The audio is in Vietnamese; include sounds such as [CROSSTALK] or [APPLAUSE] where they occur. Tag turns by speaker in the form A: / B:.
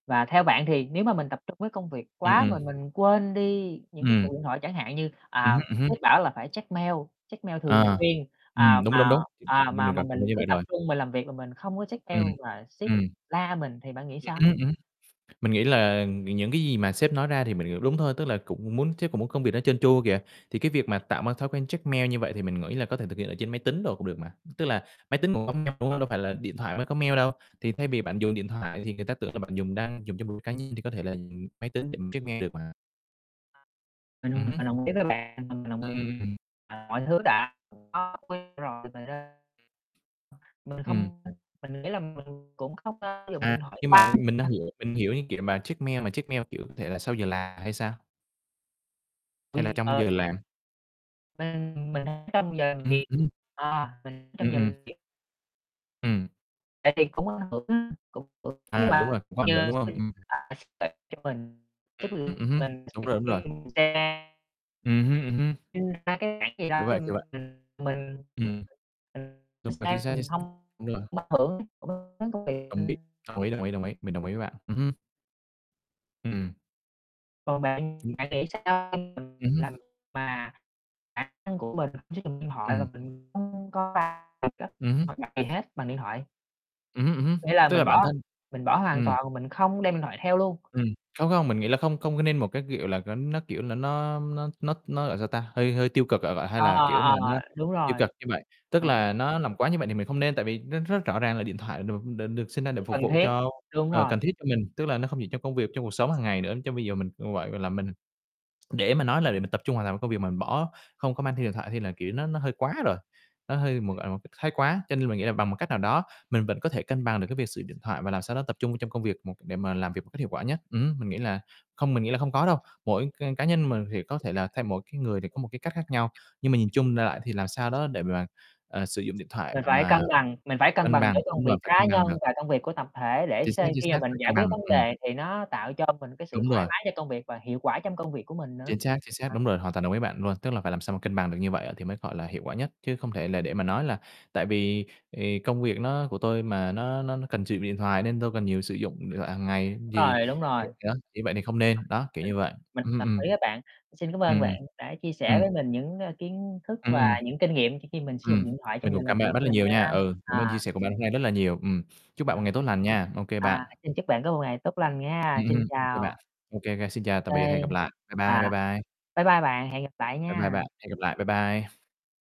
A: Và theo bạn thì nếu mà mình tập trung với công việc
B: Ừm,
A: quá mà
B: ừm.
A: mình quên đi những cái
B: Ừm.
A: cuộc điện thoại, chẳng hạn như,
B: Ừm
A: à,
B: hứm, ừm hứm.
A: sếp bảo là phải check mail check mail thường
B: À.
A: xuyên, à,
B: Ừm, đúng, đúng,
A: mà
B: đúng, chính
A: à,
B: chính như
A: mà
B: mình
A: mà
B: gần chung
A: mình
B: với
A: cứ
B: bạn
A: tập
B: rồi.
A: trung mình làm việc mà mình không có check mail
B: Ừm,
A: là sếp
B: ừm.
A: la mình, thì bạn nghĩ
B: Ừm,
A: sao?
B: ừm, ừm. Mình nghĩ là những cái gì mà sếp nói ra thì mình, kiểu, đúng thôi, tức là cũng muốn sếp cũng muốn công việc đó trơn tru kìa. Thì cái việc mà tạo mà thói quen check mail như vậy thì mình nghĩ là có thể thực hiện ở trên máy tính đồ cũng được mà, tức là máy tính cũng có mail, đúng hông? Đâu phải là điện thoại mới có mail đâu, thì thay vì bạn dùng điện thoại thì người ta tưởng là bạn dùng đang dùng cho mục đích cá nhân, thì có thể là dùng máy tính để mình check mail được mà.
A: Mình
B: Ừm hứm.
A: mình đồng ý với bạn, mà mình đồng
B: Ừm, ừm.
A: à, mọi thứ đã có quy rồi mà ra ờ, mình
B: Ừm.
A: không, ơ, mình nghĩ là mình cũng không có dùng
B: À,
A: điện thoại
B: nhưng mà mình đang
A: [UNINTELLIGIBLE]
B: hiểu, mình hiểu như, kiểu, mà check mail mà check mail, kiểu, có thể là sau giờ làm hay sao? Hay là
A: Quy
B: trong giờ
A: ờ.
B: làm?
A: Mình mình, ơ, ở trong giờ làm
B: Ừm,
A: việc
B: ừm.
A: ờ, mình
B: Ừm,
A: trong giờ
B: ừm.
A: làm việc. Ừm,
B: Ừm.
A: tại vì cũng ảnh hưởng á, cũng hưởng với
B: À, đúng
A: là
B: rồi, cũng có ảnh hưởng,
A: chờ
B: đúng hông?
A: xin
B: Ừm.
A: à, sếp tặng cho mình, chứ
B: Ừm, ừm hưm,
A: mình
B: đúng rồi, đúng rồi.
A: [UNINTELLIGIBLE]
B: Ừm hưm, ừm hưm.
A: Nhưng thật ra cái khoản gì
B: Kiểu
A: đó thì
B: vậy, kiểu vậy.
A: mình mình
B: Ừm.
A: mình
B: Đúng rồi. chính
A: sao
B: xác, chính
A: mình
B: xác.
A: hông
B: Đúng rồi.
A: mất [UNINTELLIGIBLE] cũng đến công việc,
B: Đồng ý,
A: ừm.
B: đồng ý, đồng ý, đồng ý. Mình đồng ý với bạn. Ừm hưm. Ừm.
A: Còn bạn,
B: Ừm.
A: bạn nghĩ sao? [UNINTELLIGIBLE]
B: Ừm hưm.
A: là mình mà bản năng của mình sử dụng điện thoại là
B: Ừm.
A: mình không có va thật á,
B: Ừm hưm.
A: hoặc đặt gì hết bằng điện thoại.
B: Ừm hưm, ừm hưm,
A: Nghĩa là
B: tức
A: mình
B: là bản
A: bỏ
B: thân
A: mình bỏ hoàn
B: ừm.
A: toàn, mà mình không đem điện thoại theo luôn.
B: Ừm, không không mình nghĩ là không không có nên một cái, kiểu, là có nó, kiểu, là nó nó nó nó, gọi sao ta? Hơi hơi tiêu cực ạ vạ hay
A: Ờ,
B: là,
A: ờ,
B: kiểu, mà
A: ờ,
B: nó
A: ờ, đúng
B: tiêu
A: rồi,
B: cực như vậy. Tức
A: ờm.
B: là nó làm quá như vậy thì mình không nên, tại vì nó rất rõ ràng là điện thoại được được được sinh ra để
A: [UNINTELLIGIBLE]
B: phục
A: Cần
B: vụ
A: thiết,
B: cho,
A: đúng
B: ờ,
A: rồi.
B: cần thiết cho mình. Tức là nó không chỉ trong công việc, trong cuộc sống hàng ngày nữa, chứ bây giờ mình cũng vậy, gọi là, mình để mà nói là để mình tập trung hoàn toàn công việc mà mình bỏ, không có mang theo điện thoại thì là, kiểu, nó nó hơi quá rồi, nó hơi mà
A: Ừm.
B: gọi một cách thái quá. Cho nên mình nghĩ là bằng một cách nào đó mình vẫn có thể cân bằng được cái việc sử dụng điện thoại và làm sao đó tập trung vô trong công việc một để mà làm việc một cách hiệu quả nhất. Ừm hưm, mình nghĩ là không mình nghĩ là hông có đâu, mỗi c cá nhân mình thì có thể là theo mỗi cái người thì có một cái cách khác nhau, nhưng mà nhìn chung đại loại thì làm sao đó để mà, ờ, sử dụng điện thoại
A: Mình phải cân
B: mà
A: bằng mình phải cân
B: cân
A: bằng
B: bằng,
A: giữa công
B: đúng rồi,
A: việc
B: phải
A: cá
B: cân bằng
A: nhân
B: được.
A: và công việc của tập thể để
B: Chính xác,
A: xê
B: chính
A: khi mà
B: xác,
A: mình
B: phải
A: giải
B: cân bằng,
A: quyết vấn
B: ừm.
A: đề thì nó tạo cho mình cái sự
B: Đúng
A: thoải
B: rồi.
A: mái cho công việc và hiệu quả trong công việc của mình nữa.
B: Chính xác, chính xác,
A: À.
B: đúng rồi, hoàn toàn đồng ý với bạn luôn. Tức là phải làm sao mà cân bằng được như vậy thì mới, gọi là, hiệu quả nhất, chứ không thể là để mà nói là tại vì, ề, công việc nó của tôi mà nó nó nó cần sử dụng điện thoại nên tôi cần nhiều sử dụng điện thoại hàng ngày
A: Đúng
B: gì,
A: rồi, đúng rồi.
B: kiểu
A: À,
B: đó, như vậy thì không nên, đó, kiểu
A: mình
B: như vậy.
A: mình
B: Ừm,
A: đồng
B: ừm.
A: ý với bạn. Xin cảm ơn
B: Ừm, ừm.
A: bạn đã chia
B: Ừm.
A: sẻ với mình những, ơ, kiến thức
B: Ừm,
A: và
B: ừm.
A: những kinh nghiệm khi khi mình sử dụng
B: Ừm,
A: điện thoại
B: mình
A: trong giờ
B: cũng
A: làm
B: cảm ơn
A: việc
B: bạn rất
A: của
B: là
A: mình
B: nhiều
A: nha,
B: nha. Ừ, cảm ơn chia
A: à
B: sẻ của bạn hôm nay rất là nhiều. Ừm, chúc bạn
A: À.
B: một ngày tốt lành nha. Ô kê bạn.
A: À, xin chúc bạn có một ngày tốt lành nghe.
B: Ừm,
A: Xin
B: ừm, ô kê
A: chào.
B: bạn. Ô kê, ô kê xin
A: Ô
B: chào tạm
A: kê,
B: biệt, hẹn gặp lại. Bye bye, bye
A: à,
B: bye.
A: bye bye bạn, hẹn gặp lại
B: Bye bye
A: nha.
B: bạn, hẹn gặp lại, bye bye.